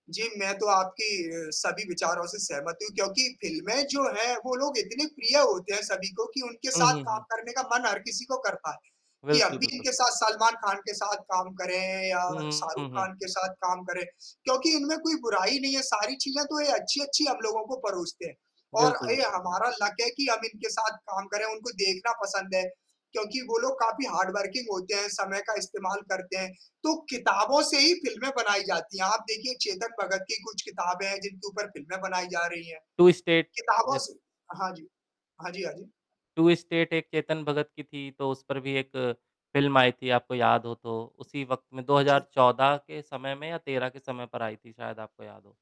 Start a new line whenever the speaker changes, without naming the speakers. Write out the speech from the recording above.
जी, मैं तो आपकी अ, सभी विचारों से सहमत हूँ क्योंकि फ़िल्में जो हैं वो लोग इतने प्रिय होते हैं सभी को कि उनके
हुँ,
साथ
हुँ,
काम
हुँ।
करने का मन हर किसी को करता है, कि हम
बिल्कुल,
भी
बिल्कुल।
इनके साथ सलमान खान के साथ काम करें या
हुँ,
शाहरुख
हुँ, हुँ।
खान के साथ काम करें, क्योंकि इनमें कोई बुराई नहीं है, सारी चीज़ें तो ये अच्छी-अच्छी हम लोगों को परोसते हैं और
बिल्कुल,
ये
बिल्कुल।
हमारा लक है कि हम इनके साथ काम करें, उनको देखना पसंद है, क्योंकि वो लोग काफ़ी हार्ड वर्किंग होते हैं, समय का इस्तेमाल करते हैं, तो किताबों से ही फ़िल्में बनाई जाती हैं। आप देखिए चेतन भगत की कुछ किताबें हैं जिनके ऊपर फ़िल्में बनाई जा रही हैं।
"टू स्टेट"
किताबों
जैसे
से हाँ जी। हाँ जी, हाँ जी।
"टू स्टेट" एक चेतन भगत की थी, तो उस पर भी एक फ़िल्म आई थी, आपको याद हो तो उसी वक़्त में दो हज़ार
जी।
चौदह के समय में या 13 के समय पर आई थी शायद आपको याद हो।